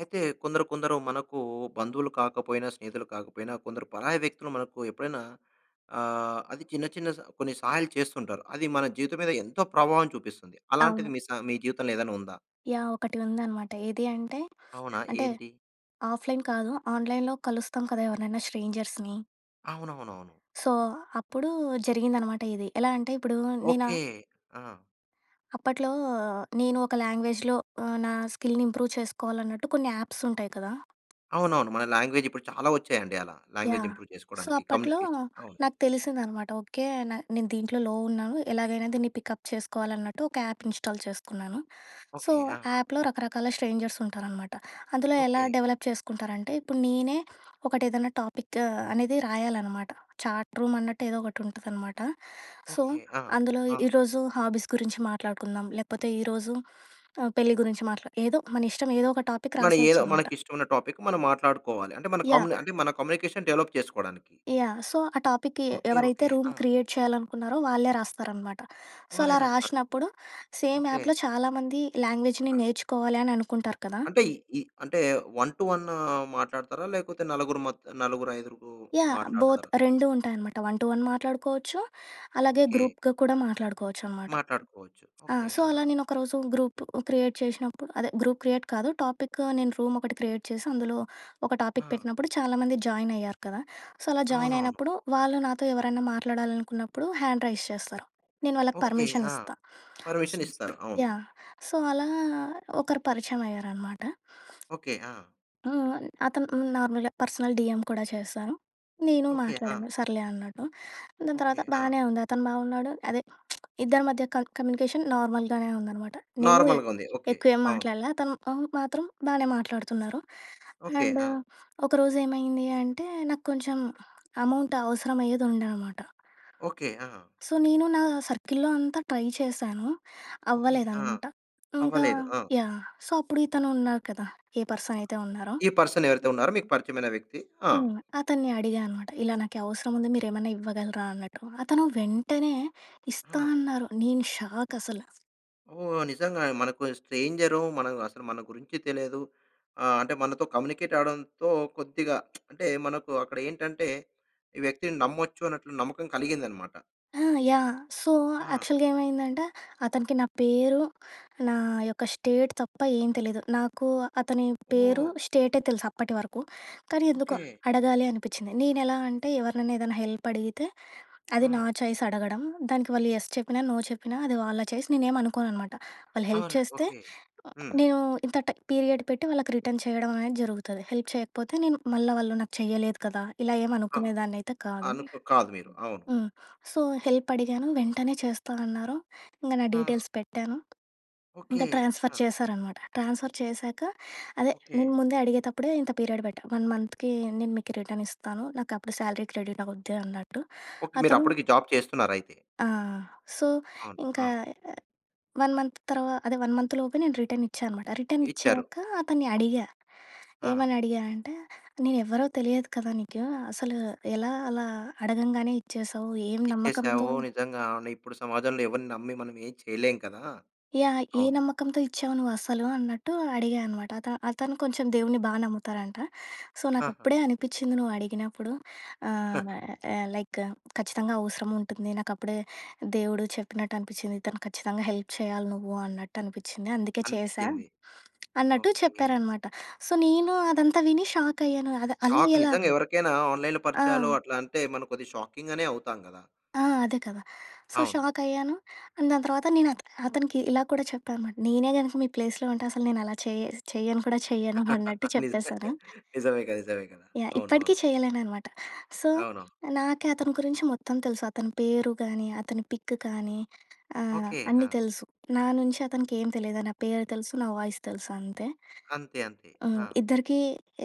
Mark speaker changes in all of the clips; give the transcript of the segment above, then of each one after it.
Speaker 1: అయితే, కొందరు కొందరూ మనకూ బంధువులు కాకపోయినా, స్నేహితులు కాకపోయినా, కొందరు పరాయి వ్యక్తులు మనకు ఎప్పుడైనా ఆహ్, అది చిన్న చిన్న స కొన్ని సహాయాలు చేస్తుంటారు. అది మన జీవితం మీద ఎంతో ప్రభావం చూపిస్తుంది. అలాంటిది
Speaker 2: అవును.
Speaker 1: మీ సా మీ జీవితంలో ఏదైన ఉందా?
Speaker 2: యాహ్! ఒకటి ఉందనమాట. ఏదీ అంటే,
Speaker 1: అవునా,
Speaker 2: అంటే,
Speaker 1: ఏంటి?
Speaker 2: ఆఫ్‍లైన్ కాదు, ఆన్‍లైన్‍లో కలుస్తాం కదా ఎవరినైనా స్ట్రేంజర్స్‌ని.
Speaker 1: అవునవునవును.
Speaker 2: సో, అప్పుడూ జరిగిందనమాట ఇది. ఎలా అంటే, ఇప్పుడూ నేనా
Speaker 1: ఓకే. ఆ!
Speaker 2: అప్పట్లో నేను ఒక లాంగ్వేజ్‍లో ఆహ్, నా స్కిల్‌ని ఇంప్రూవ్ చేసుకోవాలన్నట్టు కొన్ని యాప్సుంటాయి కదా!
Speaker 1: అవునవును. మన లాంగ్వేజిప్పుడు చాలా ఒచ్చాయండి అలా. Language
Speaker 2: yeah!
Speaker 1: ఇంప్రూవ్
Speaker 2: సో,
Speaker 1: చేసుకోడానికి,
Speaker 2: అప్పట్లో
Speaker 1: కమ్యూనికేషన్ అవును.
Speaker 2: నాకు తెలిసిందనమాట. ఓకే, న నేను దీంట్లో లో ఉన్నాను, ఎలాగైనా దీన్ని పికప్ చేసుకోవాలన్నట్టు, ఒక యాప్ ఇన్స్టాల్ చేసుకున్నాను. So,
Speaker 1: okay. ఆ!
Speaker 2: యాప్‍లో రకరకాల స్ట్రేంజర్సుంటారనమాట. అందులో ఎలా
Speaker 1: ఓకే.
Speaker 2: డవలప్ చేసుకుంటారంటే, ఇప్పుడు నేనే ఒకటేదన్నా టాపిక్ అనేది రాయాలనమాట. చాట్ రూమన్నట్టు ఏదోకటుంటదనమాట. So,
Speaker 1: okay. ఆ!
Speaker 2: అందులో
Speaker 1: ఆ!
Speaker 2: ఈరోజు హాబీస్ గురించి మాట్లాడుకుందాం, లేకపోతే ఈరోజు ఆహ్, పెళ్ళి గురించి మాట్లా ఏదో మన ఇష్టం, ఏదో ఒక టాపిక్
Speaker 1: మన ఏదో,
Speaker 2: రాసేయచ్చనమాట.
Speaker 1: మనకిష్టవున్న టాపిక్ మనం మాట్లాడుకోవాలి. అంటే, మన కంలె
Speaker 2: యాహ్!
Speaker 1: అంటే, మన కమ్యూనికేషన్ డెవలప్ చేసుకోడానికి.
Speaker 2: యాహ్! సో, ఆ టాపిక్‌కి
Speaker 1: ఓకే.
Speaker 2: ఎవరైతే
Speaker 1: ఓకే.
Speaker 2: రూమ్
Speaker 1: ఆ!
Speaker 2: క్రియేట్ చెయ్యాలనుకున్నారో వాళ్ళే రాస్తారనమాట. సో,
Speaker 1: వాళ్ళే
Speaker 2: అలా
Speaker 1: రాస్తారు.
Speaker 2: రాసినప్పుడు, సేమ్
Speaker 1: ఓకే.
Speaker 2: యాప్‍లో చాలా మంది లాంగ్వేజ్‌ని
Speaker 1: ఆ!
Speaker 2: నేర్చుకోవాలి అని అనుకుంటారు కదా!
Speaker 1: అంటే, ఇ ఇ అంటే, వన్ టు వన్ మాట్లాడతారా, లేకపోతే నలుగురు మత్ నలుగురయిదురూ
Speaker 2: యాహ్! బోత్,
Speaker 1: మాట్లాడతారా?
Speaker 2: రెండూ ఉంటాయనమాట. వన్ టు వన్ మాట్లాడుకోవచ్చు, అలాగే
Speaker 1: ఓకే.
Speaker 2: గ్రూప్‌గా కూడా మాట్లాడుకోవచ్చనమాట.
Speaker 1: మాట్లాడుకోవచ్చు.
Speaker 2: ఆ!
Speaker 1: ఓకే.
Speaker 2: సో,
Speaker 1: ఆ!
Speaker 2: అలా నేనొకరోజు గ్రూపు క్రియేట్ చేషినప్పుడు అదే గ్రూప్ క్రియేట్ కాదు, టాపిక్ నేను రూమొకటి క్రియేట్ చేసి, అందులో ఒక టాపిక్
Speaker 1: ఆ!
Speaker 2: పెట్టినప్పుడు, చాలా మంది జాయినయ్యారు కదా! సో, అలా
Speaker 1: అవునవును.
Speaker 2: జాయినయినప్పుడు, వాళ్ళు నాతో ఎవరన్నా మాట్లాడాలనుకున్నప్పుడు, హ్యాండ్ రైస్ చేస్తారు. నేను వాళ్ళకి
Speaker 1: ఓకే. ఆ!
Speaker 2: పర్మిషనిస్తా.
Speaker 1: పర్మిషనిస్తారు. అవును.
Speaker 2: యాహ్! సో, అలా ఒకరు పరిచయమయ్యారనమాట.
Speaker 1: ఓకే. ఆ!
Speaker 2: హ్మ్. అతను హ్మ్, నార్మల్‍గా పర్సనల్ డీఎం కూడా చేశారు. నేను
Speaker 1: ఓకే. ఆ!
Speaker 2: మాట్లాడాను సర్లే అన్నట్టు. దాని
Speaker 1: ఓకే.
Speaker 2: తర్వాత
Speaker 1: ఆ!
Speaker 2: బానే ఉంది. అతను బావున్నాడు, అదే ఇద్దరి మధ్య కన్ కమ్యూనికేషన్ నార్మల్‍గానే ఉందనమాట. నేనూ ఎ
Speaker 1: నార్మల్‌గుంది. ఓకే.
Speaker 2: ఎక్కువేం
Speaker 1: అవును.
Speaker 2: మాట్లాడలా. తను అవును. మాత్రం బానే మాట్లాడుతున్నారు.
Speaker 1: ఓకె.
Speaker 2: అండ్
Speaker 1: ఆ!
Speaker 2: ఒకరోజు ఏమైందీ అంటే, నాకు కొంచం అమౌంట్ అవసరమఅయ్యేదుండె అనమాట.
Speaker 1: ఓకె. ఆ!
Speaker 2: సో, నేను నా సర్కిల్‌లో అంతా ట్రై చేశాను.
Speaker 1: ఓకే. ఆ!
Speaker 2: అవ్వలేదనమాట. ఇంకా
Speaker 1: అవ్వలేదు. ఆ!
Speaker 2: యాహ్! సో, అప్పుడు ఇతనున్నారు కదా, ఏ పర్సనయితే ఉన్నారో.
Speaker 1: ఈ పర్సన్ ఎవరైతే ఉన్నారో మీకు పరిచయమైన వ్యక్తి. ఆ!
Speaker 2: హ్మ్. అతన్ని అడిగా అనమాట. ఇలా నాకి అవసరముంది మీరేమన్నా ఇవ్వగలరా అన్నట్టు. అతను వెంటనే ఇస్తా
Speaker 1: ఆ!
Speaker 2: అన్నారు నేను షాక్ అసల.
Speaker 1: ఓహ్! నిజంగానే. మనకూ స్ట్రేంజరూ, మనం అసలు మన గురించి తెలియదు. ఆహ్, అంటే, మనతో కమ్యూనికేటవ్వడంతో కొద్దిగా అంటే, మనకు అక్కడ ఏంటంటే, ఈ వ్యక్తిని నమ్మొచ్చు అన్నట్లు నమ్మకం కలిగిందనమాట.
Speaker 2: ఆ! యాహ్! సో,
Speaker 1: ఆ!
Speaker 2: యాక్చల్‌గా ఏమైందంటే, అతనికి నా పేరు, నా యొక్క స్టేట్ తప్ప ఏం తెలీదు. నాకు అతని పేరు,
Speaker 1: ఓహ్!
Speaker 2: స్టేటే తెలుసు అప్పటి వరకు, కానీ ఎందుకో
Speaker 1: ఓకే.
Speaker 2: అడగాలి అనిపిచ్చింది. నేనెలా అంటే, ఎవరినన్నా ఏదన్నా హెల్పడిగితే, అది నా
Speaker 1: ఆ!
Speaker 2: ఛాయిస్ అడగడం. దానికి వాళ్ళు యెస్ చెప్పినా, నో చెప్పినా అది వాళ్ళ ఛాయిస్, నేనేమనుకోననమాట. వాళ్ళు హెల్ప్
Speaker 1: అవున!
Speaker 2: చేస్తే
Speaker 1: ఓకె. హ్మ్.
Speaker 2: నేను ఇంత ట పీరియడ్ పెట్టి, వాళ్ళకి రిటర్న్ చేయడవనేది జరుగుతది. హెల్ప్ చెయ్యకపోతే నేను, మళ్ళ వాళ్ళు నాకు చెయ్యలేదు కదా! ఇలా
Speaker 1: ఆ!
Speaker 2: ఏమనుకునేదాన్నయితే కాదు.
Speaker 1: అనుకో కాదు మీరు. అవును.
Speaker 2: హ్మ్. సో, హెల్పడిగాను, వెంటనే చేస్తా అన్నారు, ఇంగ నా
Speaker 1: ఆ!
Speaker 2: డీటెయిల్స్ పెట్టాను. ఇంక
Speaker 1: ఓకే.
Speaker 2: ట్రాన్స్‌ఫర్
Speaker 1: ఆ!
Speaker 2: చేశారనమాట. ట్రాన్స్‌ఫర్ చేశాక, అదే,
Speaker 1: ఓకే.
Speaker 2: నేను ముందే అడిగేతప్పుడే ఇంత పీరియడ్ బెట్టా. 1 మంత్‌కీ నేను మీకి రిటర్నిస్తాను. నాకప్పుడు శాలరీ క్రెడిటవుద్ది అన్నట్టు.
Speaker 1: ఓకే.
Speaker 2: అతను
Speaker 1: మీరప్పడికి జాబ్ చేస్తున్నారయితే.
Speaker 2: ఆ! సో,
Speaker 1: అవును.
Speaker 2: ఇంకా
Speaker 1: ఆ!
Speaker 2: 1 మంత్ తర్వ అదే 1 మంత్‌లోపే నేను రిటనిచ్చానమాట.
Speaker 1: ఇచ్చారు.
Speaker 2: రిటనిచ్చాకా అతన్ని అడిగా.
Speaker 1: ఆ! ఆ!
Speaker 2: ఏమనడిగా అంటే, నేనెవ్వరో తెలియదు కదా నీకూ, అసలు ఎలా అలా అడగంగానే ఇచ్చేశావు, ఏం నమ్మకంతో
Speaker 1: ఇచ్చేశావో, నిజంగాను ఇప్పుడు సమాజంలో ఎవరిని నమ్మి మనమేం చెయలేం కదా!
Speaker 2: యాహ్! ఏ
Speaker 1: అవును.
Speaker 2: నమ్మకంతో ఇచ్చావు నువ్వసలూ అన్నట్టు అడిగా అనమాట. అత అతను కొంచెం దేవుడిని బా నమ్ముతారంట. సో,
Speaker 1: ఆహా!
Speaker 2: నాకప్పుడే అనిపిచ్చింది నువ్వడిగినప్పుడు, ఆహ్, న ఆహ్, "లైక్ ఖచ్చితంగా అవసరముంటుంది, నాకప్పుడే దేవుడు చెప్పినట్టు అనిపిచ్చింది, ఇతను ఖచ్చితంగా హెల్ప్ చెయ్యాలి నువ్వు అన్నట్టు అనిపిచ్చింది, అందుకే చేశా"
Speaker 1: అనిపిచ్చింది.
Speaker 2: అన్నట్టు
Speaker 1: ఓకే.
Speaker 2: చెప్పారనమాట. సో నేను అదంతా విని షాకయ్యాను, అది అలా
Speaker 1: షాక్.
Speaker 2: ఎలా
Speaker 1: నిజంగా
Speaker 2: అని.
Speaker 1: ఎవరికైనా ఆన్లైన్‌లో
Speaker 2: ఆ!
Speaker 1: పరిచయాలో, అట్లా అంటే, మనం కొద్దిగా షాకింగానే అవుతాం గదా!
Speaker 2: ఆ! అదే కదా! సో,
Speaker 1: అవును.
Speaker 2: షాకయ్యాను, అండ్ దాని తర్వాత నేను అత అతనికి ఇలా కూడా చెప్పా అనమాట, నేనే గనక మీ ప్లేస్‌లో ఉంటే, అసలు నేనలా చేస్ చెయ్యను కూడా చెయ్యను అన్నట్టు
Speaker 1: నిజమే.
Speaker 2: చెప్పేశాను.
Speaker 1: నిజమేగా. నిజమే గదా!
Speaker 2: యాహ్! ఇప్పటికీ
Speaker 1: అవునవును.
Speaker 2: చెయ్యలేననమాట. సో,
Speaker 1: అవును.
Speaker 2: నాకే అతని గురించి మొత్తం తెలుసు. అతని పేరు గానీ, అతని పిక్ కానీ, ఆహ్,
Speaker 1: ఓకే.
Speaker 2: అన్ని
Speaker 1: ఆ!
Speaker 2: తెలుసు. నా నుంచి అతనికి ఏం తెలీదు. నా పేరు తెలుసు, నా వాయిస్ తెలుసు అంతే.
Speaker 1: అంతే. అంతే.
Speaker 2: హ్మ్.
Speaker 1: ఆ!
Speaker 2: ఇద్దరికీ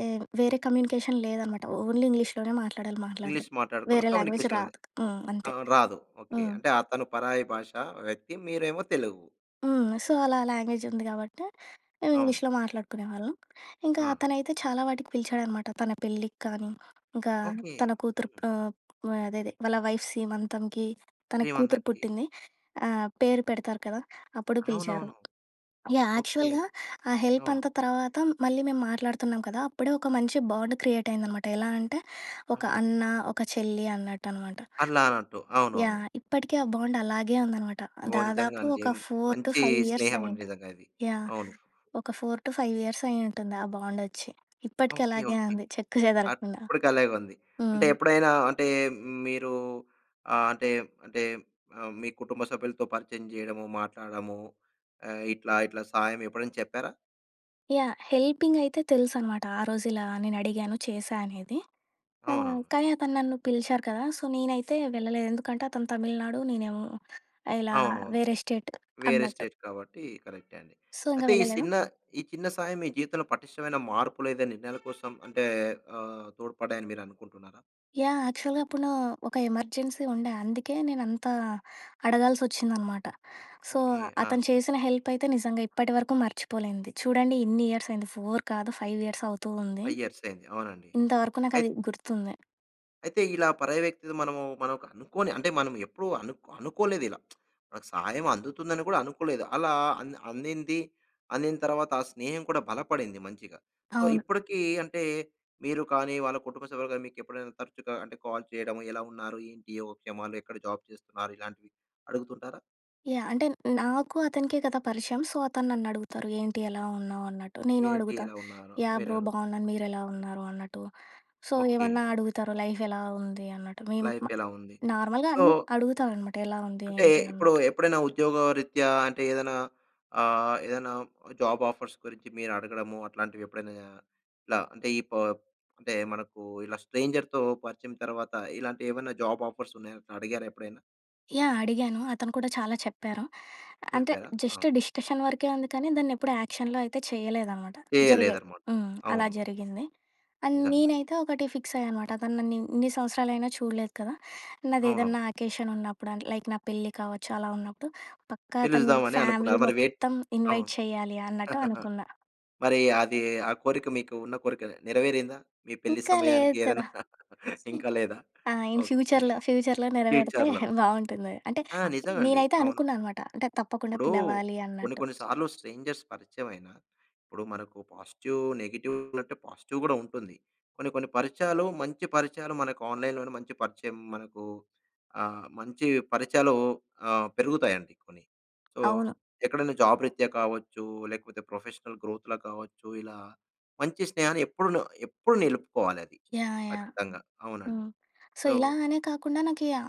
Speaker 2: ఎ వేరే కమ్యూనికేషన్ లేదనమాట, ఓన్లీ ఇంగ్లీష్‌లోనే మాట్లాడాలి మాట్లాడడం,
Speaker 1: ఇంగ్లీష్ మాట్టాడుకున్నా
Speaker 2: వేరే లాంగ్వేజ్
Speaker 1: కమ్యునికేషనుంది.
Speaker 2: రాదు. హ్మ్. అంతే.
Speaker 1: అవును. రాదు. ఓకే.
Speaker 2: హ్మ్.
Speaker 1: అంటే, అతను పరాయి భాషా వ్యక్తి, మీరేమో తెలుగు.
Speaker 2: హ్మ్. సో, అలా ఆ లాంగ్వేజుంది గాబట్టి, మేం
Speaker 1: అవును.
Speaker 2: ఇంగ్లీష్‌లో మాట్లాడుకునే వాళ్ళం. ఇంకా
Speaker 1: ఆ!
Speaker 2: అతనైతే చాలా వాటికి పిలిచాడనమాట. తన పెళ్ళికి కానీ, ఇంకా
Speaker 1: ఓకె.
Speaker 2: తన కూతురు ప్
Speaker 1: హ్మ్.
Speaker 2: ఆహ్, ఆహ్, అదే అదే వాళ్ళ వైఫ్ సీమంతంకి, తనకి కూతురు
Speaker 1: శ్రీమంతంకి
Speaker 2: పుట్టింది. ఆ! పేరు పెడతారు కదా! అప్పుడూ పిలిచారు.
Speaker 1: అవునవును.
Speaker 2: యాహ్!
Speaker 1: ఓకే.
Speaker 2: యాక్చువల్‌గా
Speaker 1: ఓకే.
Speaker 2: ఆ
Speaker 1: అవును.
Speaker 2: హెల్పంతా తర్వాత మళ్ళీ మేము మాట్లాడతన్నాం కదా! అప్పుడే ఒక మంచి బాండ్ క్రియేటయిందనమాట. ఎలా అంటే, ఒక
Speaker 1: అవును.
Speaker 2: అన్న, ఒక చెల్లి అన్నట్టనమాట.
Speaker 1: అల్లానట్టు. అవునవును.
Speaker 2: యాహ్! ఇప్పటికే ఆ బాండ్ అలాగే ఉందనమాట.
Speaker 1: ఓహ్! నిజంగా
Speaker 2: దాదాపు
Speaker 1: అండి.
Speaker 2: ఒక ఫోర్ టు
Speaker 1: మంచి
Speaker 2: ఫైవ్
Speaker 1: స్నేహవండి
Speaker 2: ఇయర్సయ్యుంటది.
Speaker 1: నిజంగా అది.
Speaker 2: యాహ్!
Speaker 1: అవును.
Speaker 2: ఒక 4-5 ఇయర్సయ్యుంటుంది ఆ బాండొచ్చి. ఇప్పటికి
Speaker 1: ఓకె.
Speaker 2: అలాగే
Speaker 1: ఓకె.
Speaker 2: ఉంది చెక్కు
Speaker 1: అట్
Speaker 2: చెదరకుండా.
Speaker 1: ఇప్పుదికలాగుంది. అంటే,
Speaker 2: హ్మ్.
Speaker 1: ఎప్పుడైనా అంటే, మ్ మీరూ ఆహ్, అంటే అంటే మీ కుటుంబ సభ్యులుతో పరిచయం జెయడము, మాట్లాడము ఆహ్, ఇట్లా ఇట్లా సాయమెప్పుడైనా చెప్పారా?
Speaker 2: యాహ్! హెల్పింగయితే తెలుసనమాట, ఆ రోజిలా నేనుడిగాను, చేశా అనేది. ఆ!
Speaker 1: అవునవును.
Speaker 2: కానీ అతను నన్ను పిలిచారు కదా! సో, నేనైతే వెళ్ళలేదు. ఎందుకంటే, అతను తమిళనాడు, నేనేమో ఆహ్, ఇలా
Speaker 1: అవునవును.
Speaker 2: వేరే స్టేట్
Speaker 1: వేరే
Speaker 2: అన్నట్టు.
Speaker 1: స్టేట్ కాబట్టీ. కరెక్టే అండి.
Speaker 2: సో, ఇంగా
Speaker 1: అయితే, ఈ
Speaker 2: వెళ్ళలేదు.
Speaker 1: సిన్న ఈ చిన్న సాయం మీ జీవితంలో పటిష్టమైన మార్పులేదైనా, నిర్ణయాల కోసం అంటే, ఆహ్, తోడ్పడ్డాయని మీరనుకుంటన్నారా?
Speaker 2: యాహ్! యాక్చువల్‌గప్పుడూ ఒక ఎమర్జెన్సీ ఉండే. అందుకే నేనంతా అడగాల్సొచ్చిందనమాట. So,
Speaker 1: okay. ఆ!
Speaker 2: అతను చేసిన హెల్పయితే నిజంగా ఇప్పటివరకు మర్చిపోలేనిది. చూడండి, ఇన్నియర్సయింది, 4 కాదు, 5 ఇయర్సవుతూ ఉంది.
Speaker 1: 5 ఇయర్సయింది. అవునండి.
Speaker 2: ఇంతవరకు నాకది
Speaker 1: అయిత్
Speaker 2: గుర్తుంది.
Speaker 1: అయితే, ఇలా పరాయి వ్యక్తిని మనమూ మనకు అనుకోని అంటే, మనం ఎప్పుడు అనుకొ అనుకోలేదిలా మనకి సహాయం అందుతుందని కూడా అనుకోలేదు. అలా అంద్ అందిందీ, అందిన తర్వాత ఆ స్నేహం కూడా బలపడింది మంచిగా. సో,
Speaker 2: అవును.
Speaker 1: ఇప్పుడికీ అంటే, మీరు కానీ, వాళ్ళ కుటుంబ సభ్యులు గానీ, మీకెప్పుడైనా తరుచుగా అంటే, కాల్ చెయడము, ఎలా ఉన్నారు, ఏంటి, యోగ క్షేమాలు, ఎక్కడ జాబ్ చేస్తున్నారు, ఇలాంటివి అడుగుతుంటారా?
Speaker 2: యాహ్! అంటే, నాకు, అతనికే కదా పరిచయం. సో, అతను నన్నడుగుతారు, "ఏంటి, ఎలా ఉన్నావు?" అన్నట్టు. నేనూ
Speaker 1: ఏంటి,
Speaker 2: అడుగుతా.
Speaker 1: ఎలా ఉన్నారో,
Speaker 2: యాహ్! బ్రో
Speaker 1: మీరడుగుతా
Speaker 2: బావున్నాను, మీరెలా ఉన్నారు అన్నట్టు. So,
Speaker 1: okay.
Speaker 2: ఏవన్నా అడుగుతారు, లైఫెలా ఉంది అన్నట్టు. మేము
Speaker 1: లైఫ్
Speaker 2: మ
Speaker 1: ఎలా ఉంది.
Speaker 2: నార్మల్‍గా
Speaker 1: సో
Speaker 2: అన్ని అడుగుతారనమాట ఎలా ఉంది,
Speaker 1: అంటే,
Speaker 2: ఏంటి
Speaker 1: ఇప్పుడు
Speaker 2: అని.
Speaker 1: ఎప్పుడైనా ఉద్యోగరీత్యా అంటే, ఏదైనా ఆహ్, ఏదైనా జాబాఫర్స్ గురించి మీరు అడగడము, అట్లాంటివెప్పుడైనా ఆహ్, ఇలా అంటే, ఈ పా అంటే, మనకూ ఇలా స్ట్రేంజర్‌తో పరిచయం తర్వాత ఇలాంటియేమన్నా జాబ్ ఆఫర్సున్నాయా, అట్ల అడిగారా ఎప్పుడైనా?
Speaker 2: యాహ్! అడిగాను. అతను కూడా చాలా చెప్పారు. అంటే
Speaker 1: చెప్పారా? ఆ!
Speaker 2: జస్ట్ డిస్కషన్ వరకే ఉంది కానీ దాన్నెప్పుడు ఆక్షన్‌లో అయితే చేయలేదనమాట. జరిగాయి.
Speaker 1: చేయలేదన్నమాట.
Speaker 2: హ్మ్. అలా
Speaker 1: అవును.
Speaker 2: జరిగింది అండ్
Speaker 1: నిజంగా.
Speaker 2: నేనైతే ఒకటి ఫిక్స్ అయ్యా అనమాట. అతను నన్ను ఎన్ని సంవత్సరాలయినా చూడలేదు కదా!
Speaker 1: అవునవును.
Speaker 2: నాదేదన్నా అకేషన్ ఉన్నప్పుడు అన్‌ లైక్ నా పెళ్లి కావచ్చు, అలా ఉన్నప్పుడు పక్కా తను మీ
Speaker 1: పిలుద్దామనే అనుకున్నా.
Speaker 2: ఫ్యామిలీ
Speaker 1: మరి, వే
Speaker 2: మొత్తం ఇన్వైట్ చేయాలి అన్నట్టు అనుకున్న.
Speaker 1: మరి అది ఆ కోరిక మీకు ఉన్న కోరిక నెరవేరిందా? మీ పెళ్లి
Speaker 2: ఇంకా
Speaker 1: సమయానికి
Speaker 2: లేదు కదా!
Speaker 1: ఏదైనా ఇంకా లేదా?
Speaker 2: ఆ! In
Speaker 1: okay.
Speaker 2: ఫ్యూచర్‌లో, ఫ్యూచర్‌లో నెరవేరితే
Speaker 1: ఫ్యూచర్‌లో.
Speaker 2: బాగుంటుంది. అంటే
Speaker 1: ఆ! నిజమండి.
Speaker 2: నేనైతే
Speaker 1: అవును.
Speaker 2: అనుకున్నా అన్నమాట. అంటే తప్పకుండా
Speaker 1: ఇప్పుడు,
Speaker 2: పిలవాలి
Speaker 1: కొన్ని
Speaker 2: అన్నట్టు.
Speaker 1: కొన్ని సార్లు స్ట్రేంజర్స్ పరిచయం అయినా, ఇప్పుడు మనకు పాజిటివ్, నెగెటివ్ అంటే పాజిటివ్ కూడా ఉంటుంది. కొన్ని కొన్ని పరిచయాలు మంచి పరిచయాలు మనకు ఆన్‌లైన్‌లోనే మంచి పరిచయం మనకు ఆహ్, మంచి పరిచయాలు ఆహ్, పెరుగుతాయండి కొన్ని. సో,
Speaker 2: అవును.
Speaker 1: ఎక్కడైనా జాబ్ రీత్యా కావచ్చు లేకపోతే ప్రొఫెషనల్ గ్రోత్‌లో కావచ్చు ఇలా మంచి స్నేహాన్ని ఎప్పుడు నొ ఎప్పుడు నిలుపుకోవాలది.
Speaker 2: యాహ్! యాహ్!
Speaker 1: ఖచ్చితంగా, అవునండి.
Speaker 2: హ్మ్, సో,
Speaker 1: సో
Speaker 2: ఇలా అనే కాకుండా నాకి ఆ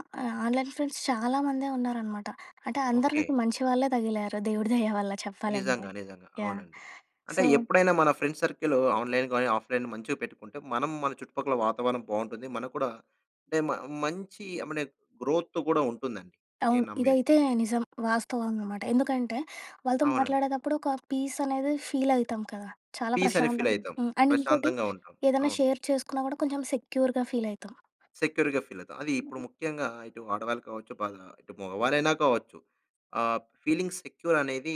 Speaker 2: ఆన్‌లైన్ ఫ్రెండ్స్ చాలా మందే ఉన్నారన్నమాట. అంటే అందరూ
Speaker 1: ఓకే.
Speaker 2: నాకు మంచి వాళ్ళే తగిలారు దేవుడి దయ వల్ల చెప్పాలంటే.
Speaker 1: నిజంగా, నిజంగా,
Speaker 2: యాహ్!
Speaker 1: అవునండి. అంటే
Speaker 2: సో
Speaker 1: ఎప్పుడైనా మన ఫ్రెండ్స్ సర్కిల్, ఆన్‌లైన్, ఆఫ్‌లైన్ మంచిగా పెట్టుకుంటే మనం మన చుట్టుపక్కల వాతావరణం బాగుంటుంది. మనకు కూడా అంటే మ మంచి అమనే గ్రోత్ కూడా ఉంటుందండి, నేను
Speaker 2: అవును,
Speaker 1: నమ్మేది.
Speaker 2: ఇదైతే నిజం. వాస్తవం అన్నమాట. ఎందుకంటే వాళ్ళతో
Speaker 1: అవునండి.
Speaker 2: మాట్లాడేటప్పుడు ఒక పీస్ అనేది ఫీల్ అయితాం కదా! చాలా
Speaker 1: పీస్ అని ఫీల్
Speaker 2: ప్రశాంతంగా
Speaker 1: అయితం.
Speaker 2: అండ్ ఇంకోటి
Speaker 1: ప్రశాంతంగా ఉంటాం.
Speaker 2: ఏదైనా
Speaker 1: అవును.
Speaker 2: షేర్ చేసుకున్నా కూడా కొంచెం సెక్యూర్‌గా ఫీల్ అయితం.
Speaker 1: సెక్యూర్‌గా ఫీల్ అవుతాం. అది ఇప్పుడు ముఖ్యంగా ఇటు ఆడవాళ్ళు కావచ్చు, బా ఇటు మగవాళ్ళైనా కావచ్చు, ఆహ్, ఫీలింగ్ సెక్యూర్ అనేది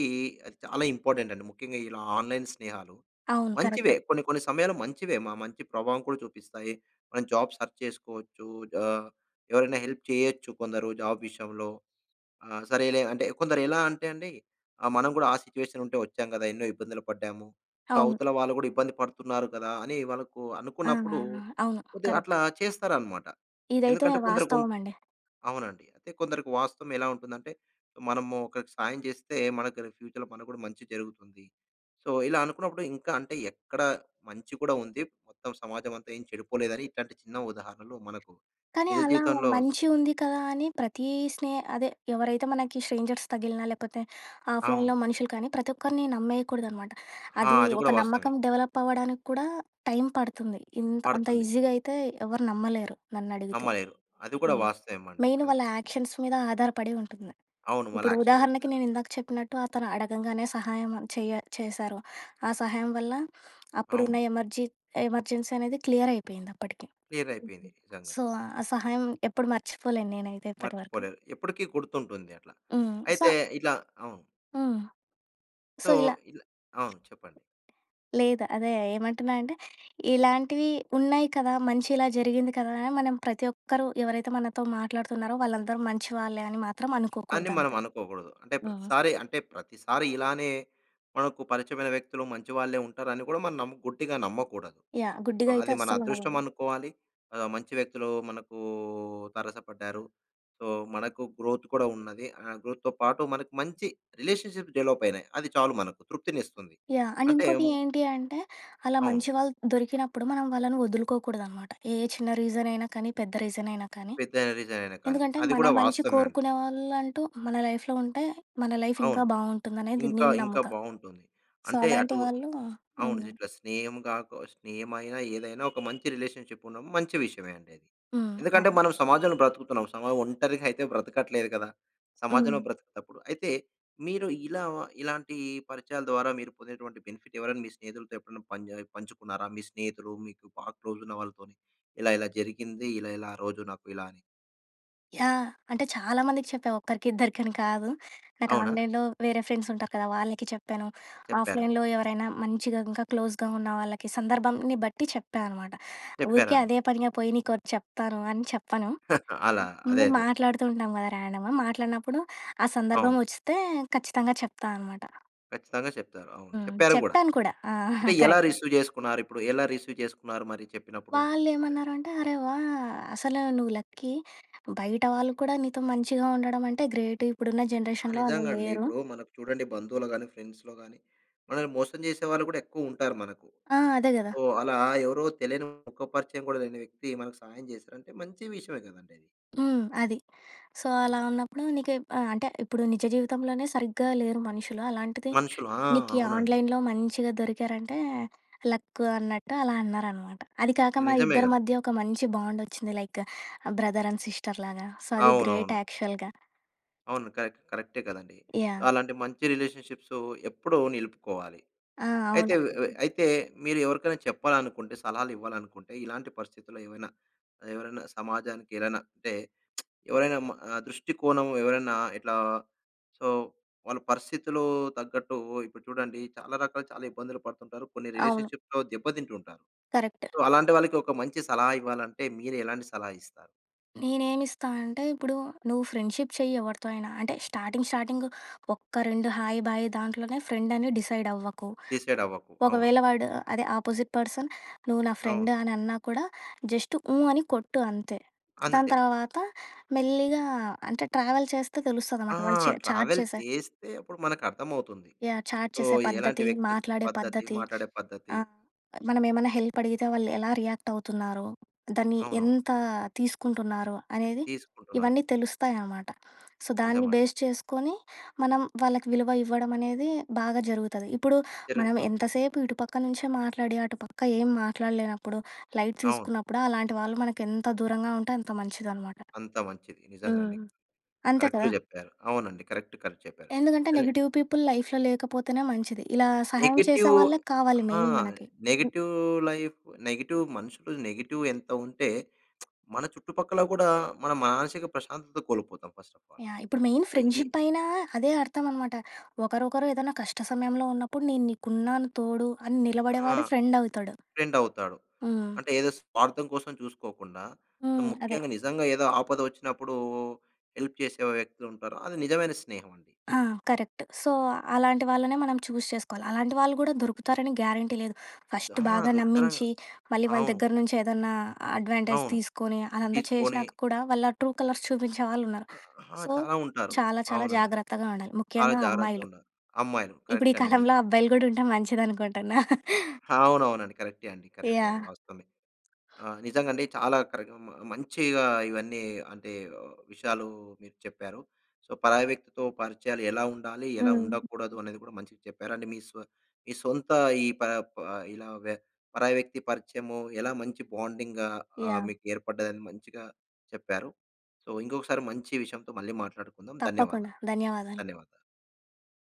Speaker 1: చాలా ఇంపార్టెంట్ అండి. ముఖ్యంగా ఇలా ఆన్‌లైన్ స్నేహాలు
Speaker 2: అవును కరెక్ట్.
Speaker 1: మంచివే. కొన్ని కొన్ని సమయాలు మంచివే, మా మంచి ప్రభావం కూడా చూపిస్తాయి. మనం జాబ్ సెర్చ్ చేసుకోవచ్చు. ఆహ్, ఎవరైనా హెల్ప్ చేయొచ్చు. కొందరు జాబ్ విషయంలో ఆ! సరేలే అంటే, కొందరు ఎలా అంటే అండి ఆహ్, మనం కూడా ఆ సిట్యుయేషన్ ఉంటే వచ్చాము కదా, ఎన్నో ఇబ్బందులు పడ్డాము. సో,
Speaker 2: అవును.
Speaker 1: అవతల వాళ్ళు కూడా ఇబ్బంది పడుతున్నారు కదా! అని వాళ్ళకు
Speaker 2: ఆ!
Speaker 1: అనుకున్నప్పుడు
Speaker 2: నానా అవును,
Speaker 1: కొద్దిగా
Speaker 2: కరెక్ట్.
Speaker 1: అట్లా చేస్తారన్నమాట.
Speaker 2: ఇదైతే
Speaker 1: ఎందుకంటే కొందరికుం
Speaker 2: వాస్తవం అండి.
Speaker 1: అవునండి, అంటే కొందరికి వాస్తవం ఎలా ఉంటుందంటే మనము ఒకరికి సాయం చేస్తే మనకు ఫ్యూచర్‌లో మనకు కూడా మంచి జరుగుతుంది. సో, ఇలా అనుకున్నప్పుడు ఇంకా అంటే ఎక్కడ మంచి కూడా ఉంది. మొత్తం సమాజం అంతా ఏం చెడిపోలేదని ఇట్లాంటి చిన్న ఉదాహరణలు మనకు
Speaker 2: కానీ
Speaker 1: నిజ
Speaker 2: అలా
Speaker 1: జీవితంలో
Speaker 2: మంచిగుంది కదా అని ప్రతీ స్నే అదే ఎవరైతే మనకి స్ట్రేంజర్స్ తగిలినా, లేకపోతే
Speaker 1: అవును.
Speaker 2: ఆఫ్‌లైన్‌లో మనుషులు కానీ, ప్రతి ఒక్కరిని నమ్మేయకూడదనమాట.
Speaker 1: ఆ!
Speaker 2: అది
Speaker 1: అది కూడా
Speaker 2: ఒక
Speaker 1: వాస్తవమే.
Speaker 2: నమ్మకం డెవలప్ అవ్వడానికి కూడా టైం పడుతుంది. ఇంత అంత
Speaker 1: పడుతుంది.
Speaker 2: ఈజీగా అయితే ఎవరు నమ్మలేరు నన్నడిగితే.
Speaker 1: నమ్మలేరు. అది కూడా
Speaker 2: హ్మ్,
Speaker 1: వాస్తవమండి.
Speaker 2: Main
Speaker 1: correct.
Speaker 2: వాళ్ళ యాక్షన్స్ మీద ఆధారపడి ఉంటుంది.
Speaker 1: అవును, వాళ్ళ
Speaker 2: ఇప్పుడు
Speaker 1: ఆక్షన్స్ మీద.
Speaker 2: ఉదాహరణకి నేనిందాక చెప్పినట్టు అతను అడగంగానే సహాయం చేయ చేశారు. ఆ సహాయం వల్ల అప్పుడున్న
Speaker 1: అవును.
Speaker 2: ఎమర్జీ ఎమర్జెన్సీ అనేది క్లియర్ అయిపోయిందప్పటికి.
Speaker 1: క్లియర్ అయిపోయింది నిజంగా.
Speaker 2: సో, ఆ సహాయం ఎప్పుడు మర్చిపోలేను నేనైతే ఇప్పటి వరకు.
Speaker 1: మర్చిపోలేరు, ఎప్పటికి గుర్తుంటుంది అట్లా.
Speaker 2: హ్మ్. సో
Speaker 1: అయితే ఇట్లా అవును.
Speaker 2: హ్మ్.
Speaker 1: సో,
Speaker 2: సో, ఇలా
Speaker 1: అవును చెప్పండి.
Speaker 2: లేదు. అదే ఏమంటున్నంటే ఇలాంటివి ఉన్నాయి కదా, మంచి ఇలా జరిగింది కదా అని మనం ప్రతి ఒక్కరు ఎవరైతే మనతో మాట్లాడుతున్నారో వాళ్ళందరూ మంచి వాళ్ళే అని మాత్రం
Speaker 1: అని మనం
Speaker 2: అనుకోకూడదంతే.
Speaker 1: అనుకోకూడదు. అంటే
Speaker 2: హుహు.
Speaker 1: ప్రతిసారి, అంటే ప్రతిసారి ఇలానే మనకు పరిచయమైన వ్యక్తులు మంచి వాళ్ళే ఉంటారు అని కూడా మనం నమ్ము గుడ్డిగా నమ్మకూడదు.
Speaker 2: యాహ్! గుడ్డిగా అయితే
Speaker 1: అది మన
Speaker 2: అస్సలు
Speaker 1: అదృష్టం
Speaker 2: నమ్మగూడదు.
Speaker 1: అనుకోవాలి. ఆహ్, మంచి వ్యక్తులు మనకు తారసపడ్డారు. సో, మనకు గ్రోత్ కూడా ఉన్నది, ఆహ్, గ్రోత్‌తో పాటు మనకు మంచి రిలేషన్‌షిప్ డెవలప్ అయినాయి. అది చాలు మనకు తృప్తినిస్తుంది.
Speaker 2: యాహ్! అండ్
Speaker 1: అంటే
Speaker 2: ఇంకోటి ఏంటి అంటే అలా
Speaker 1: అవును.
Speaker 2: మంచి వాళ్ళు దొరికినప్పుడు మనం వాళ్ళని వదులుకోకూడదనమాట. ఏ చిన్న రీజనయినా కానీ, పెద్ద రీజనయినా కానీ,
Speaker 1: పెద్దైన రీసన్ అయినా కానీ,
Speaker 2: ఎందుకంటే
Speaker 1: అది
Speaker 2: మన
Speaker 1: కూడా
Speaker 2: మంచి
Speaker 1: వాస్తవమే అండి.
Speaker 2: కోరుకునే వాళ్ళంటూ మన లైఫ్‌లో ఉంటే మన లైఫ్ ఇంకా
Speaker 1: అవును.
Speaker 2: బాగుంటుందానేది
Speaker 1: ఇంకా
Speaker 2: నేను
Speaker 1: ఇంకా
Speaker 2: నమ్ముతా.
Speaker 1: బాగుంటుంది.
Speaker 2: సో,
Speaker 1: అంటే
Speaker 2: అలాంటి
Speaker 1: అటు
Speaker 2: వాళ్ళు
Speaker 1: అవును
Speaker 2: హ్మ్.
Speaker 1: ఇట్లా స్నేహం కాక స్నేహమైన ఏదైనా ఒక మంచి రిలేషన్‌షిప్ ఉండడం మంచి విషయమే అండి అది.
Speaker 2: హ్మ్,
Speaker 1: ఎందుకంటే మనం
Speaker 2: అవును.
Speaker 1: సమాజంలో బ్రతుకుతున్నాం. సమాజం ఒంటరిగా అయితే బ్రతకట్లేదు కదా. సమాజంలో
Speaker 2: హ్మ్.
Speaker 1: బ్రతకటప్పుడు అయితే మీరు ఇలా ఇలాంటి పరిచయాల ద్వారా మీరు పొందినటువంటి బెనిఫిట్ ఎవరైనా మీ స్నేహితులతో ఎప్పుడైనా పంచ్ పంచుకున్నారా? మీ స్నేహితులు మీకు బాగా క్లోజ్ ఉన్న వాళ్ళతోని ఇలా ఇలా జరిగింది ఇలా ఇలా ఆ రోజు నాకు ఇలా అని.
Speaker 2: యాహ్! అంటే చాలామందికి చెప్పా. ఒక్కరికి ఇద్దరికి అని కాదు. నాకు
Speaker 1: అవునా?
Speaker 2: ఆన్‍లైన్‍లో వేరే ఫ్రెండ్స్ ఉంటారు కద, వాళ్ళకి చెప్పాను.
Speaker 1: చెప్పారు.
Speaker 2: ఆఫ్‍లైన్‍‌లో ఎవరైనా మంచిగా ఇంకా క్లోజ్‍గా ఉన్న వాళ్ళకి సందర్భాన్ని బట్టి చెప్పా అనమాట. ఊరికే
Speaker 1: చెప్పారనమా
Speaker 2: అదే పనిగా పోయి నీకొటి చెప్తాను అని చెప్పను.
Speaker 1: అలా అదే.
Speaker 2: ముందు
Speaker 1: అదే.
Speaker 2: మాట్లాడుతూ ఉంటాం కద ర్యాండమ్‍ మాట్లాడినప్పుడు, ఆ సందర్భం
Speaker 1: అవును.
Speaker 2: వచ్చిస్తే ఖచ్చితంగా చెప్తా అనమాట.
Speaker 1: ఖచ్చితంగా చెప్తారు. అవును
Speaker 2: హ్మ్.
Speaker 1: చెప్పారు కూడా.
Speaker 2: చెప్పాను కూడా ఆహా!
Speaker 1: అంటే, ఎలా
Speaker 2: కరెక్ట్.
Speaker 1: రిసీవ్ చేసుకున్నారు? ఇప్పుడు ఎలా రిసీవ్ చేసుకున్నారు? మరి చెప్పినప్పుడు?
Speaker 2: వాళ్ళు
Speaker 1: ఇద్ధరు.
Speaker 2: ఏమన్నారంటే అరె! వాహ్! అసలు నువ్వు లక్కీ బయట వాళ్ళు కూడా, నీతో మంచిగా ఉండడం అంటే గ్రేట్. ఇప్పుడున్న
Speaker 1: ఆ!
Speaker 2: జనరేషన్‍లో అలా
Speaker 1: నిజంగా అండి.
Speaker 2: లేరు.
Speaker 1: ఇప్పుడు మనకు చూడండి బంధువులు గాని, ఫ్రెండ్స్‌లో‌‌ గాని మనల్ని మోసం చేసేవాళ్ళు కూడా ఎక్కువ ఉంటారు మనకు.
Speaker 2: ఆ! అదే గదా!
Speaker 1: ఓహ్, అలా ఎవరో తెలియని ముఖ పరిచయం కూడా లేని వ్యక్తి, మనకు సహాయం చేసారంటే మంచి విషయమే కదండీ అది.
Speaker 2: హ్మ్, అది. సో, అలా
Speaker 1: అవును.
Speaker 2: ఉన్నప్పుడు నీకు ఎప్ ఆహ్, అంటే ఇప్పుడు నిజ జీవితంలోనే సరిగ్గా లేరు మనుషులు. అలాంటిది
Speaker 1: మనుషులు. ఆ!
Speaker 2: నీకు
Speaker 1: అవునండి.
Speaker 2: ఆన్‍లైన్‍లో మంచిగా దొరికారంటే, లక్కు అన్నట్టు అలా అనరనమాట. అది కాక మా
Speaker 1: నిజమే
Speaker 2: ఇద్దరి
Speaker 1: గద.
Speaker 2: మధ్య ఒక మంచి బాండొచ్చింది లైక్ బ్రదర్ అండ్ సిస్టర్ లాగా. సో, అది గ్రేట్
Speaker 1: అవునవును.
Speaker 2: యాక్చువల్‌గా.
Speaker 1: అవును. కరెక్ట్. కరెక్టే కదండీ.
Speaker 2: యా‌హ్!
Speaker 1: అలాంటి మంచి రిలేషన్షిప్సు ఎప్పుడూ నిలుపుకోవాలి.
Speaker 2: ఆ!
Speaker 1: అయితే
Speaker 2: అవును.
Speaker 1: వ్ అయితే మీరు ఎవరికైనా చెప్పాలనుకుంటే సలహాలు ఇవ్వాలనుకుంటే, ఇలాంటి పరిస్థితుల్లో ఏమైనా ఎవరైనా సమాజానికి ఏదైనా అంటే, ఎవరైనా మ దృష్టికోణం ఎవరైనా ఇట్లా సో, వాళ్ళ పరిస్థితిలో తగ్గట్టు ఇప్పుడు చూడండి చాలా రకాలు చాలా ఇబ్బందులు పడుతుంటారు. కొన్ని
Speaker 2: అవును.
Speaker 1: రిలేషన్షిప్‌లో దెబ్బ తింటు ఉంటారు.
Speaker 2: కరెక్ట్.
Speaker 1: సో, అలాంటి వాళ్ళకి ఒక మంచి సలహా ఇవ్వాలంటే మీరు ఎలాంటి సలహా ఇస్తారు?
Speaker 2: నేనేమిస్తానంటే, ఇప్పుడు నువ్వు ఫ్రెండ్షిప్ చెయ్యి ఎవరితో అయినా అంటే, స్టార్టింగ్, స్టార్టింగ్ ఒక్క 2 హాయ్, బాయ్ దాంట్లోనే ఫ్రెండ్ అని డిసైడ్ అవ్వకు.
Speaker 1: డిసైడ్ అవ్వకు. అవును.
Speaker 2: ఒకవేళ వాడు, అదే ఆపోజిట్ పర్సన్ నువ్వు నా
Speaker 1: అవును.
Speaker 2: ఫ్రెండ్ అని అన్నా కూడా, జస్ట్ హ్మ్, అని కొట్టు అంతే. దాని
Speaker 1: అంతే.
Speaker 2: తర్వాత మెల్లిగా అంటే, ట్రావెల్ చేస్తే తెలుస్తుంది
Speaker 1: ఆ!
Speaker 2: అనమాట. వాళ్ళు చె చాట్
Speaker 1: ట్రావెల్
Speaker 2: చేసే
Speaker 1: చేస్తే అప్పుడు మనకు అర్థమవుతుంది.
Speaker 2: యాహ్! చాట్
Speaker 1: సో,
Speaker 2: చేసే
Speaker 1: ఎలాంటి
Speaker 2: పద్ధతి,
Speaker 1: వ్యక్తిత్
Speaker 2: మాట్లాడే
Speaker 1: పద్ధతి
Speaker 2: పద్ధతి.
Speaker 1: మాట్లాడే పద్ధతి.
Speaker 2: ఆ! మనం ఏమన్నా హెల్ప్ అడిగితే, వాళ్ళు ఎలా రియాక్ట్ అవుతున్నారో. దాన్ని
Speaker 1: అవునవును.
Speaker 2: ఎంత తీసుకుంటున్నారో, అనేది
Speaker 1: తీసుకుంటున్నారు.
Speaker 2: ఇవన్నీ తెలుస్తాయి అనమాట. సో, దాన్ని
Speaker 1: నిజమండి.
Speaker 2: బేస్ చేసుకొని మనం వాళ్ళకి విలువ ఇవ్వడం అనేది బాగా జరుగుతది. ఇప్పుడు మనం
Speaker 1: జరుగుతుంది.
Speaker 2: ఎంతసేపు ఇటు పక్క నుంచే మాట్లాడి, అటుపక్క ఏం మాట్లాడలేనప్పుడు, లైట్
Speaker 1: అవును.
Speaker 2: తీసుకున్నప్పుడు అలాంటి వాళ్ళు మనకు ఎంత దూరంగా ఉంటే అంత మంచిది అనమాట.
Speaker 1: అంత మంచిది. నిజంగా
Speaker 2: హ్మ్,
Speaker 1: అండి.
Speaker 2: అంతే కదా!
Speaker 1: కరెక్ట్‌గా చెప్పారు. అవునండి. కరెక్ట్, కరెక్ట్ చెప్పారు.
Speaker 2: ఎందుకంటే,
Speaker 1: కానీ
Speaker 2: నెగెటివ్ పీపుల్ లైఫ్‌లో లేకపోతేనే మంచిది. ఇలా సహాయం చేసే
Speaker 1: నెగెటివ్
Speaker 2: వాళ్ళే కావాలి
Speaker 1: ఆ!
Speaker 2: మెయిన్ మనకి. హ్మ్.
Speaker 1: నెగెటివ్ లైఫ్, నెగెటివ్ మనుషులు, నెగెటివ్ ఎంత ఉంటే మన చుట్టుపక్కల కూడా మన మానసిక ప్రశాంతత కోల్పోతాం. First of all.
Speaker 2: యా‌హ్! ఇప్పుడు మెయిన్
Speaker 1: సొ, ఈ
Speaker 2: ఫ్రెండ్‍షిప్ అయినా అదే అర్థం అనమాట. ఒకరొకరు ఏదైనా కష్ట సమయంలో ఉన్నప్పుడు, నేను నీకున్నాను తోడు అని
Speaker 1: ఆ!
Speaker 2: నిలబడేవాడు ఫ్రెండ్ అవుతాడు.
Speaker 1: ఫ్రెండ్ అవుతాడు.
Speaker 2: హ్మ్.
Speaker 1: అంటే ఏదో స్వార్థం కోసం చూసుకోకుండా, అంటె
Speaker 2: హ్మ్. అదె.
Speaker 1: ముఖ్యంగా నిజంగా ఏదో ఆపద వచ్చినప్పుడు హెల్ప్ చేసే వ్యక్తి ఉంటారు. అది నిజమైన స్నేహం అండి.
Speaker 2: ఆ! కరెక్ట్. సో, అలాంటి వాళ్ళనే మనం చూస్ చేసుకోవాలి. అలాంటి వాళ్ళు కూడా దొరుకుతారని గ్యారంటీ లేదు. ఫస్ట్
Speaker 1: ఆ!
Speaker 2: బాగా
Speaker 1: దుర్కరంగా.
Speaker 2: నమ్మించి, మళ్ళీ వాళ్ళ
Speaker 1: అవును.
Speaker 2: దగ్గర నుంచి ఏదన్నా అడ్వాంటేజ్
Speaker 1: అవును.
Speaker 2: తీసుకొని, అదంతా
Speaker 1: తీసుకొని
Speaker 2: చేసినాక కూడా, వాళ్ళ ట్రూ కలర్స్ చూపించే వాళ్ళు ఉన్నారు.
Speaker 1: ఆ!
Speaker 2: సో,
Speaker 1: చాలా ఉంటారు.
Speaker 2: చాలా చాలా
Speaker 1: అవునండి.
Speaker 2: జాగ్రత్తగా ఉండాలి
Speaker 1: చాలా
Speaker 2: ముఖ్యంగా
Speaker 1: జాగ్రత్తగా
Speaker 2: అమ్మాయిలు.
Speaker 1: ఉండాలి. అమ్మాయిలు.
Speaker 2: ఇప్పుడు ఈ
Speaker 1: కరెక్ట్ అండి
Speaker 2: కాలంలో
Speaker 1: మీరు.
Speaker 2: అబ్బాయిలు కూడా, ఉంటె మంచిది అనుకుంటున్నా.
Speaker 1: అవునవునండి. కరెక్టే అండి, కరెక్ట్ అది
Speaker 2: యా‌హ్!
Speaker 1: వాస్తవమే. ఆహ్, నిజంగా అండి చాలా కరెక్ట్ మ మంచిగా ఇవన్నీ అంటే విషయాలు మీరు చెప్పారు. సో, పరాయి వ్యక్తితో పరిచయాలు ఎలా ఉండాలి, ఎలా
Speaker 2: హ్మ్.
Speaker 1: ఉండకూడదు, అనేది కూడా మంచిగా చెప్పారు అండి. మీ సొ మీ సొంత ఈ ప ప ఇలా వ్య పరాయి వ్యక్తి పరిచయము ఎలా మంచి బాండింగ్‌గా ఆహ్,
Speaker 2: యా‌హ్!
Speaker 1: మీకు ఏర్పడ్డదని మంచిగా చెప్పారు. సో, ఇంకొకసారి మంచి విషయంతో మళ్ళీ మాట్లాడుకుందాం.
Speaker 2: తప్పకుండా.
Speaker 1: ధన్యవాదాలు,
Speaker 2: ధన్యవాదాలు.
Speaker 1: ధన్యవాదాలు.